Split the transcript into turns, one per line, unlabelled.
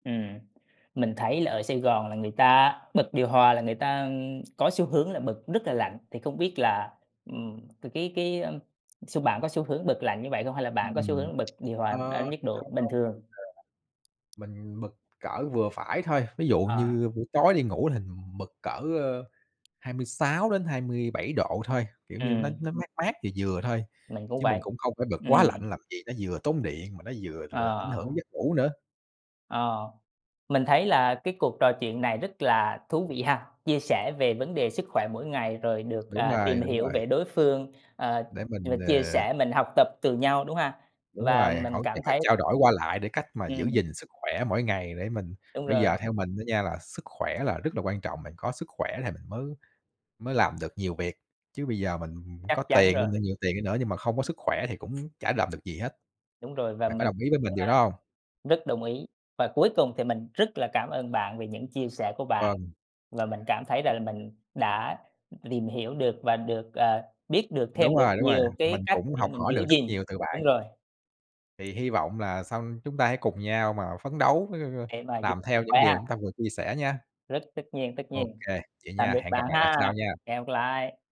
Ừm, mình thấy là ở Sài Gòn là người ta bật điều hòa là người ta, ưm, có xu hướng là bật rất là lạnh, thì không biết là, ừm, thì cái cái, a, xu bạn có xu hướng bật lạnh như vậy không? Hay là bạn có xu
Ừm,
hướng bật điều hòa
ờ,
ở nhiệt độ
không
bình
không
thường?
mình, à, mình bật cỡ vừa phải thôi. Ví dụ
Ờ.
như buổi tối đi ngủ thì mình bật cỡ, a, 26-27 độ thôi, kiểu như nó
Ừm.
nó mát mát, vừa vừa thôi,
Mình cũng
chứ mình
vậy,
cũng không có bật
ừm.
quá lạnh làm gì, nó vừa tốn điện mà nó vừa, ừ, ảnh
Ờ.
hưởng đến giấc ngủ nữa.
Ờ, mình thấy là cái cuộc trò chuyện này rất là thú vị ha, chia sẻ về vấn đề sức khỏe mỗi ngày rồi được,
Đúng
à,
rồi,
tìm
đúng
hiểu
vậy.
về đối phương, ờ,
Để
và
mình,
chia
ờ
sẻ mình học tập từ nhau, đúng ha?
Đúng
Và
rồi, hỗ
mình
trợ
cảm thấy
trao đổi qua lại để cách mà giữ
Ừm.
gìn sức khỏe mỗi ngày để mình
Đúng
bây
rồi.
giờ theo mình á nha, là sức khỏe là rất là quan trọng, bạn có sức khỏe thì mình mới mới làm được nhiều việc, chứ bây giờ mình
Chắc
có
chắn
tiền đi,
rồi.
mình nhiều tiền đi nữa nhưng mà không có sức khỏe thì cũng chả làm được gì hết.
Đúng rồi, và
Bạn có
mình
đồng ý với mình
cũng,
điều
a,
đó hông?
rất đồng ý. Và cuối cùng thì mình rất là cảm ơn bạn vì những chia sẻ của bạn,
Vâng.
và mình cảm thấy rằng là mình đã, ừm, tìm hiểu được và được, à, biết được thêm
Đúng
được
rồi, đúng rồi.
nhiều
Mình
cái cách
cũng
để
học
mình
hỏi
giữ
được rất
gìn
nhiều từ bạn.
đúng rồi.
Thì hi vọng là xong chúng ta hãy cùng nhau mà phấn đấu [unintelligible]
Để mà giữ
làm
sức
theo những
khỏe ha.
điều chúng ta vừa chia sẻ nha.
Rất tất nhiên, tất
OK,
nhiên.
vậy
Tạm
nha,
biệt
hẹn
bạn
gặp lại bạn sau
ha,
nha.
hẹn gặp lại!